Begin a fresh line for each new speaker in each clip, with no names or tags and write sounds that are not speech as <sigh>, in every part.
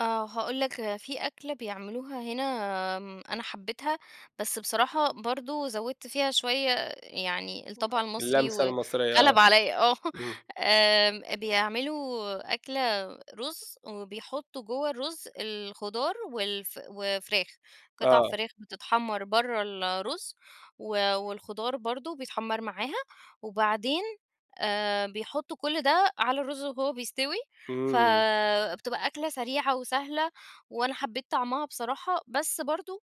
آه هاقول لك في أكلة بيعملوها هنا، آمم، أنا حبيتها بس بصراحة برضو زودت فيها شوية يعني
<unintelligible>
الطبع المصري
اللمسة
وغلب
المصرية آه،
عليَّ، آه
امم.
آمم، بيعملوا أكلة رز وبيحطوا جوه الرز الخضار والف وفراخ، قطع
آه.
فراخ بتتحمر برّا الرز، و والخضار برضو بيتحمر معاها، وبعدين آآ، بيحطوا كُلّ ده على الرز وهو بيستوي،
إمم.
فبتبقى أكلة سريعة وسهلة، وأنا حبيت طعمها بصراحة، بس برضو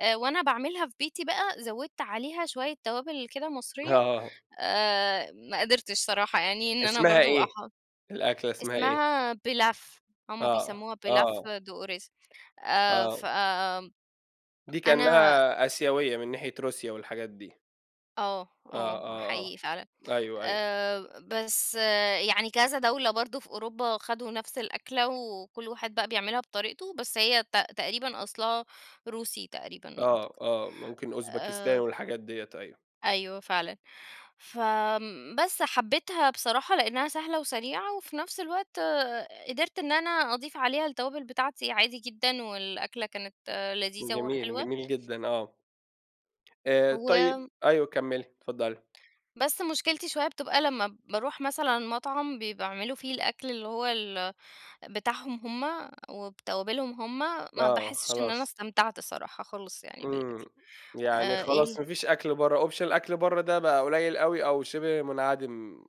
آآ، وأنا باعملها في بيتي بقى زودت عليها شوية توابل كده مصرية،
آه.
آآ، ما قدرتش صراحة يعني إن أنا
اسمها
برضو اح
إيه، الأكلة اسمها إيه؟
اسمها pilaf هُم
آه،
بيسموها pilaf
آه.
de riz، آآ،
آه.
ف
دي
أنا
كأنها آسيوية من ناحية روسيا والحاجات دي.
آه
آه
آه
آه آه،
حقيقي فعلًا،
أيوه أيوه.
آآ، بس يعني كذا دولة برضو في أوروبا خدوا نفس الأكلة وكُلّ واحد بقى بيعملها بطريقته، بس هي ت تقريبًا أصلها روسي تقريبًا
آه
أعتقد،
آه، ممكن أوزبكستان
آآ
والحاجات ديّة أيوه.
أيوه فعلًا، فآمم، بس حبيتها بصراحة لإنها سهلة وسريعة وفي نَفس الوقت قدرت إن أنا أضيف عليها التوابل بتاعتي عادي جدًا، والأكلة كانت لذيذة
جميل،
وحلوة.
جميل جدًا آه. آآ، طيب
و
أيوه كمّلي، اتفضلي.
بس مشكلتي شوية بتبقى لمّا باروح مثلًا مطعم بي بيعملوا فيه الأكْل اللي هو ال بتاعهم هُم وبتوابلهم هُم، ما
آه
باحسش إن أنا
خلاص.
استمتعت الصراحة خالص يعني
إمم،
بالأكْل،
يعني
آآ
خلاص
ال
ما فيش أكْل برّا، option الأكْل برّا ده بقى قليل أوي أوي، شِبه منعدم.